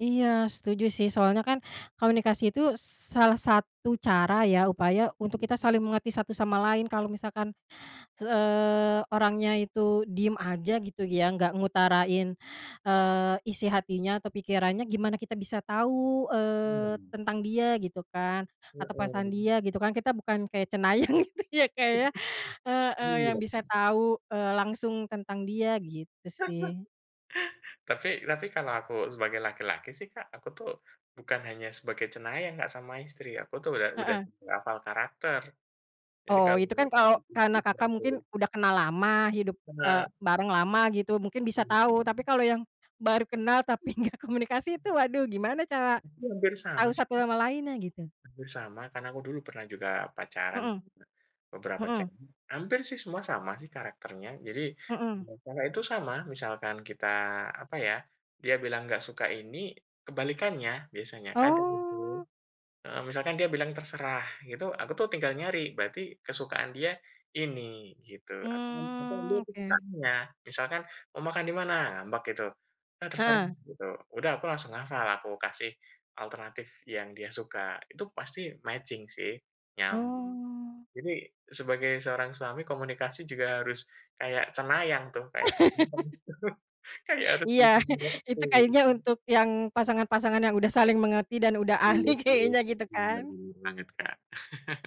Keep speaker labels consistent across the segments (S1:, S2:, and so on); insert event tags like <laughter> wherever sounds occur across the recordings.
S1: Iya, setuju, sih. Soalnya kan komunikasi itu salah satu cara ya, upaya untuk kita saling mengerti satu sama lain, kalau misalkan, eee, orangnya itu diem aja, gitu ya, enggak ngutarain, eee, isi hatinya atau pikirannya, gimana kita bisa tahu, eee,
S2: Mhm.
S1: tentang dia, gitu kan? Atau pesan
S2: Heeh.
S1: dia, gitu kan? Kita bukan kayak cenayang, gitu ya, Kak, ya.
S2: <chuckles>
S1: Heeh, yang
S2: Iya.
S1: bisa tahu, eee, langsung tentang dia, gitu
S2: <laughs>
S1: sih.
S2: Tapi tapi kalau aku sebagai laki-laki sih, Kak, aku tuh bukan hanya sebagai cenayang, Kak, sama istri. Aku tuh, udah udah
S1: Heeh.
S2: sampe hafal karakter. Jadi
S1: Oh,
S2: kalau,.
S1: itu kan kalau karena Kakak mungkin
S2: <unintelligible>
S1: udah kenal lama, hidup, eee,
S2: Bener.
S1: bareng lama, gitu. Mungkin bisa tahu, tapi kalau yang baru kenal, tapi enggak komunikasi itu, waduh, gimana cara
S2: Mungkin hampir sama,
S1: tahu
S2: sih.
S1: satu sama lainnya, gitu.
S2: Hampir sama, karena aku dulu pernah juga pacaran
S1: Mhm.
S2: sama beberapa
S1: Mhm.
S2: cewek. Hampir sih, semua sama sih karakternya. Jadi,
S1: Mhm.
S2: dengan cara itu sama, misalkan kita, apa ya, dia bilang nggak suka ini, kebalikannya biasanya. Kadang itu,
S1: Oh.
S2: heeh, misalkan dia bilang, "Terserah", itu aku tuh tinggal nyari, berarti kesukaan dia ini, gitu.
S1: Hmm,
S2: <unintelligible>
S1: oke.
S2: kesukaannya. Misalkan, mau makan dimana? Ngambek gitu, udah terserah,
S1: Heeh.
S2: gitu. Udah, aku langsung hafal, aku kasih alternatif yang dia suka. Itu pasti matching sih, nyambung.
S1: Oh.
S2: Jadi sebagai seorang suami komunikasi juga harus kayak cenayang tuh, kayak,
S1: <laughs>
S2: <unintelligible> <laughs> kayak.
S1: Iya. <chuckles> Itu kayaknya
S2: <unintelligible>
S1: untuk yang pasangan-pasangan yang udah saling mengerti dan udah ahli
S2: Bener, bener.
S1: kayaknya, gitu
S2: Bener,
S1: kan.
S2: bener banget, Kak..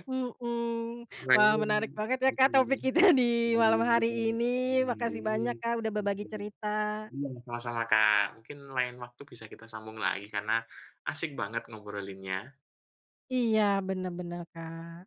S1: Mhm. Wah, menarik banget ya, Kak, topik kita di malam hari ini, Makasih banyak, Kak, udah berbagi
S2: <unintelligible>
S1: cerita.
S2: Mhm, sama-sama, Kak. Mungkin lain waktu bisa kita sambung lagi, karena asik banget ngobrolinnya.
S1: Iya. Bener bener, Kak.